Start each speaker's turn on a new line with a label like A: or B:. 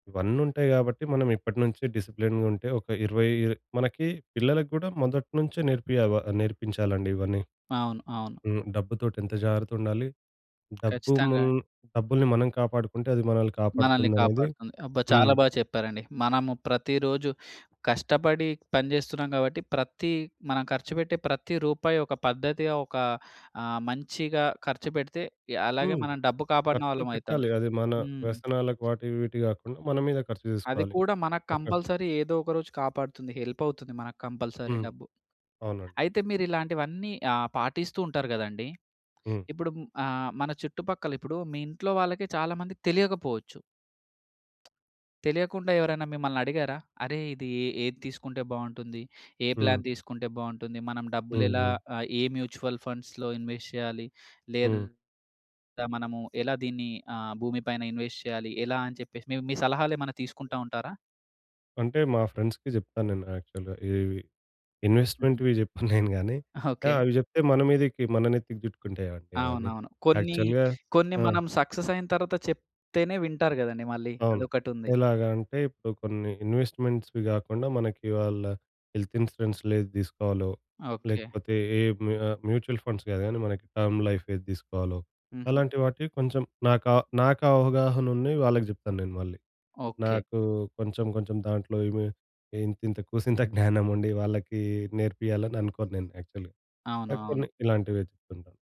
A: ఇవన్నీ ఉంటాయి గాబట్టి మనం ఇప్పటినుంచే డిసిప్లిన్‌గా ఉంటే ఒక 20 ఇ మనకి పిల్లలకి గూడా మొదట్నుంచే నేర్పియవ నేర్పించాలండి ఇవన్నీ.
B: అవును. అవును.
A: హ్మ్. డబ్బుతోటి ఎంత జాగ్రత్త ఉండాలి? డబ్బు
B: ఖచ్చితంగా
A: మున్
B: అండి.
A: డబ్బుల్ని మనం కాపాడుకుంటే అది మనల్ని
B: మనల్ని
A: కాపాడుతుందనేది
B: కాపాడుతుంది. అబ్బా!
A: హ్మ్.
B: చాలా బాగా చెప్పారండి. మనము ప్రతిరోజు కష్టపడి పనిచేస్తున్నాం గాబట్టి ప్రతి మనం ఖర్చుబెట్టే ప్రతి రూపాయి ఒక పద్ధతిగా, ఒక ఆహ్, మంచిగా ఖర్చుపెడితే య అలాగే
A: హ్మ్.
B: మనం డబ్బు కాపాడిన
A: ఖర్చు
B: వాళ్ళం అయితాం.
A: పెట్టాలి. అది మన
B: హ్మ్.
A: వ్యసనాలకు వాటి వీటి గాకుండా మన మీద ఖర్చు
B: అది
A: చేసుకోవాలి.
B: కూడా మనకు
A: ఒక
B: కంపల్సరీ ఏదో ఒక రోజు కాపాడుతుంది. హెల్ప్ అవుతుంది మనకు కంపల్సరీ
A: హ్మ్.
B: డబ్బు.
A: అవునండి.
B: అయితే మీరు ఇలాంటివన్నీ ఆహ్, పాటిస్తూ ఉంటారు గదండీ.
A: హ్మ్.
B: ఇప్పుడు మ్ ఆహ్, మన చుట్టుపక్కల ఇప్పుడు మీ ఇంట్లో వాళ్ళకి చాలా మందికి తెలియకపోవచ్చు. తెలియకుండా ఎవరైనా మిమ్మల్ని అడిగారా? అరె ఇది ఎ ఏది తీసుకుంటే బావుంటుంది? ఏ
A: హ్మ్.
B: ప్లాన్ తీసుకుంటే బావుంటుంది? మనం డబ్బులెలా
A: హుహు.
B: ఆహ్, ఏ మ్యూచ్యల్ ఫండ్స్‌లో ఇన్వెస్ట్ చేయాలి?
A: హ్మ్.
B: లేదా మనము ఎలా దీన్ని ఆహ్, భూమి పైన ఇన్వెస్ట్ చేయాలి? ఎలా అని చెప్పేసి మీ మీ సలహాలేమైనా తీసుకుంటా ఉంటారా?
A: అంటే మా ఫ్రెండ్స్‌కి జెప్తాను నేను యాక్చువల్‌గా ఇవి ఇవి.
B: హుహు.
A: ఇన్వెస్ట్మెంట్‌వి జెప్పను నేను గానీ, ఆహ్,
B: ఓకే.
A: అవి జెప్తే మన మీదకి మన నెత్తికి చుట్టుకుంటాయండి అవన్ని.
B: అవునవును. కొన్ని
A: యాక్చువల్‌గా
B: కొన్ని
A: ఆ!
B: మనం సక్సెసైన తరువాత చెప్తేనే వింటారు గదండీ మళ్ళీ.
A: అవును.
B: అదొకటుంది.
A: ఎలాగ అంటే ఇప్పుడు కొన్ని ఇన్వెస్ట్మెంట్స్‌వి గాకుండా మనకి వాళ్ళ హెల్త్ ఇన్స్యూరెన్స్‌లేది తీసుకోవాలో?
B: ఓకే.
A: లేకపోతే ఏ మ్యూ ఆహ్, మ్యూచువల్ ఫండ్స్ గాదు గనీ మనకి టర్మ్ లైఫ్ ఏది తీసుకోవాలో?
B: హుహు.
A: అలాంటి వాటికి కొంచెం నాక నాకవగాహన ఉన్నయి వాళ్ళకి జెప్తాను నేను మళ్ళీ.
B: ఓకే.
A: నాకు కొంచెం కొంచెం దాంట్లో ఏమి ఇంతింత కూసింత జ్ఞానం ఉండి వాళ్ళకి నేర్పియ్యాలని అనుకోను నేను యాక్చువల్‌గా. ఆ
B: అవునవును.
A: కొన్ని ఇలాంటివి చెప్తుంటా.